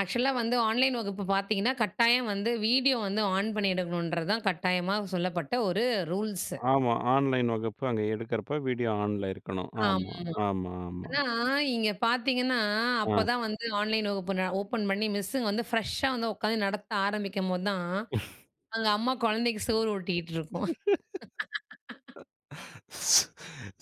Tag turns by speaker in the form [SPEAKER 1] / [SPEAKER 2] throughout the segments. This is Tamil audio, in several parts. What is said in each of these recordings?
[SPEAKER 1] ஆக்சுவலா வந்து ஆன்லைன் வகுப்பு பார்த்தீங்கன்னா, கட்டாயம் வந்து வீடியோ வந்து ஆன் பண்ணி எடுக்கணுன்றது தான் கட்டாயமாக சொல்லப்பட்ட ஒரு ரூல்ஸ்.
[SPEAKER 2] ஆமா, ஆன்லைன் வகுப்பு அங்க எடுக்குறப்போ வீடியோ ஆன்ல இருக்கணும். ஆமா,
[SPEAKER 1] ஆமாமா.
[SPEAKER 2] ஆமா, ஆமா.
[SPEAKER 1] ஆனா இங்கே பார்த்தீங்கன்னா
[SPEAKER 2] ஆ,
[SPEAKER 1] அப்போ தான் வந்து ஆன்லைன், வகுப்பு நா ஓப்பன் பண்ணி மிஸ்ஸு வந்து ஃப்ரெஷ்ஷா வந்து உட்காந்து நடத்த ஆரம்பிக்கும்போது தான். அங்கே அம்மா குழந்தைக்கு சோறு ஊட்டிக்கிட்டு இருக்கும்.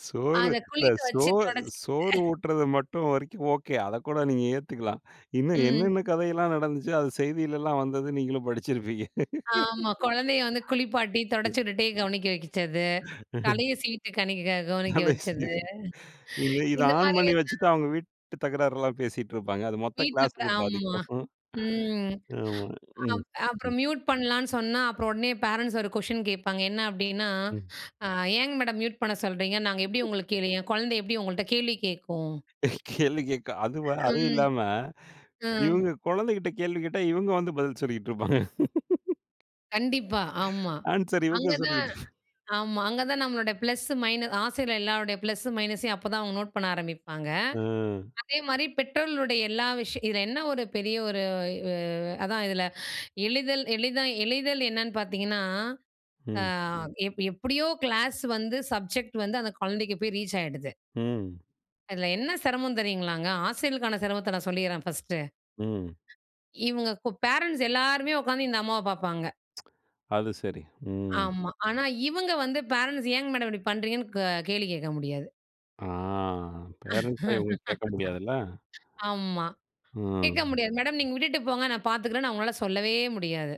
[SPEAKER 2] சோறு,
[SPEAKER 1] அத
[SPEAKER 2] இந்த
[SPEAKER 1] குளிக்க
[SPEAKER 2] சோ,
[SPEAKER 1] வைச்சு துடைச்சு
[SPEAKER 2] சோறு ஊட்டுறது மட்டும் வரைக்கும் ஓகே. அதைக்கூட நீங்க ஏத்துக்கலாம். இன்னும்
[SPEAKER 1] ம்.
[SPEAKER 2] என்னென்ன கதையெல்லாம் நடந்துச்சோ, அது செய்திலலாம் வந்தது நீங்களும் படிச்சிருப்பீங்க.
[SPEAKER 1] ஆமா. குழந்தையை வந்து குளிப்பாட்டி தொடச்சி
[SPEAKER 2] ம்.
[SPEAKER 1] விட்டுட்டே கவனிக்க வைச்சது. தலைய சீவிட்டு கணிக்க கவனிக்க வச்சது,
[SPEAKER 2] [unintelligible] இது இதை
[SPEAKER 1] இந்த
[SPEAKER 2] ஆன்
[SPEAKER 1] மாதிரி
[SPEAKER 2] பண்ணி வச்சுட்டு
[SPEAKER 1] எல்லாம்
[SPEAKER 2] அவங்க வீட்டு தகராறுலாம் பேசிட்டு இருப்பாங்க. அது மொத்த
[SPEAKER 1] வீட்டில
[SPEAKER 2] கிளாஸுக்கு
[SPEAKER 1] ஆமா.
[SPEAKER 2] பாதிக்கும். ம்,
[SPEAKER 1] ம்.
[SPEAKER 2] ஆமாங்க. ம்.
[SPEAKER 1] அப்
[SPEAKER 2] ம்.
[SPEAKER 1] அப்புறம் மியூட் பண்ணலான்னு சொன்னா அப்புறம் உடனே பேரன்ட்ஸ் ஒரு கொஷிடின் கேட்பாங்க. என்ன அப்டின்னா,
[SPEAKER 2] ம்.
[SPEAKER 1] "ஏங்க மேடம் மியூட் பண்ண சொல்கிறீங்க. நாங்க எப்படி
[SPEAKER 2] ம்.
[SPEAKER 1] உங்களுக்கு கேளு என் குழந்தை எப்படி உங்கள்கிட்ட கேள்வி கேட்கும்?"
[SPEAKER 2] கேள்வி கேட்க அது, அதுவும்
[SPEAKER 1] ம்.
[SPEAKER 2] இல்லாம
[SPEAKER 1] ம்.
[SPEAKER 2] இவங்க குழந்தைகிட்ட கேள்வி கேட்டா இவங்க வந்து பதில் சொல்லிட்டு இருப்பாங்க.
[SPEAKER 1] கண்டிப்பா. ஆமா.
[SPEAKER 2] ஆன்ஸ்வர் இவங்க
[SPEAKER 1] அங்கதான்
[SPEAKER 2] சொல்லிட்டு,
[SPEAKER 1] ஆமா. அங்கே தான் நம்மளோட பிளஸ் மைனஸ் ஆசிரியரோட எல்லோருடைய பிளஸ் மைனஸையும் அப்போதான் அவங்க நோட் பண்ண ஆரம்பிப்பாங்க.
[SPEAKER 2] அ.
[SPEAKER 1] அதே மாதிரி பெற்றோர்களுடைய எல்லா விஷயம் இதில என்ன ஒரு பெரிய ஒரு அதான் இதில் எளிதில் எளிதா எளிதில் என்னன்னு பார்த்தீங்கன்னா, அ
[SPEAKER 2] ம்.
[SPEAKER 1] எப் எப்படியோ கிளாஸ் வந்து சப்ஜெக்ட் வந்து அந்த குழந்தைக்கு போய் ரீச் ஆயிடுது.
[SPEAKER 2] ம்.
[SPEAKER 1] அதில என்ன சிரமம் தெரியுங்களாங்க. ஆசிரியருக்கான சிரமத்த நான் சொல்லிறேன் ஃபர்ஸ்ட்டு.
[SPEAKER 2] ம்.
[SPEAKER 1] இவங்க பேரன்ட்ஸ் எல்லாருமே உட்கார்ந்து இந்த அம்மாவ பார்ப்பாங்க.
[SPEAKER 2] அது, சரி, ம்.
[SPEAKER 1] ஆமா. ஆனா இவங்க வந்து பேரன்ட்ஸ் "ஏங்க மேடம் இப்படி பண்ணுறீங்கன்னு?" க கேள்வி கேட்க முடியாது.
[SPEAKER 2] ஆ, பேரன்ட்ஸ்ட்ட இவங்க கேட்க முடியாதுல்ல.
[SPEAKER 1] ஆமா.
[SPEAKER 2] ம்.
[SPEAKER 1] கேட்க முடியாது மேடம் நீங்க விட்டுட்டு போங்க நான் பார்த்துக்கிறேன்னு, அவங்கனால சொல்லவே முடியாது.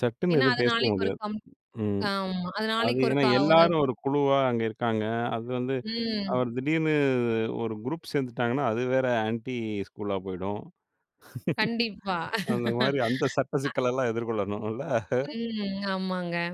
[SPEAKER 2] சட்டுன்னு
[SPEAKER 1] ஏன்னா
[SPEAKER 2] எதுவும்
[SPEAKER 1] அது
[SPEAKER 2] பேசவே
[SPEAKER 1] நாளைக்கு ஒரு
[SPEAKER 2] முடியாது.
[SPEAKER 1] கம்
[SPEAKER 2] ம்
[SPEAKER 1] ஆமா. அது
[SPEAKER 2] அது
[SPEAKER 1] நாளைக்கு
[SPEAKER 2] ஏன்னா
[SPEAKER 1] ஒருக்கா ஒரு
[SPEAKER 2] எல்லாரும் ஒரு குழுவா அங்க இருக்காங்க. அது வந்து
[SPEAKER 1] ம்.
[SPEAKER 2] அவர் திடீர்னு ஒரு குரூப் சேர்ந்துட்டாங்கன்னா, அது வேற ஆன்டி ஸ்கூலா போய்டும்.
[SPEAKER 1] கண்டிப்பா.
[SPEAKER 2] அந்த மாதிரி அந்த சட்ட சிக்கல் எல்லாம் எதிர்கொள்ளணும்ல.
[SPEAKER 1] ம், ஆமாங்க.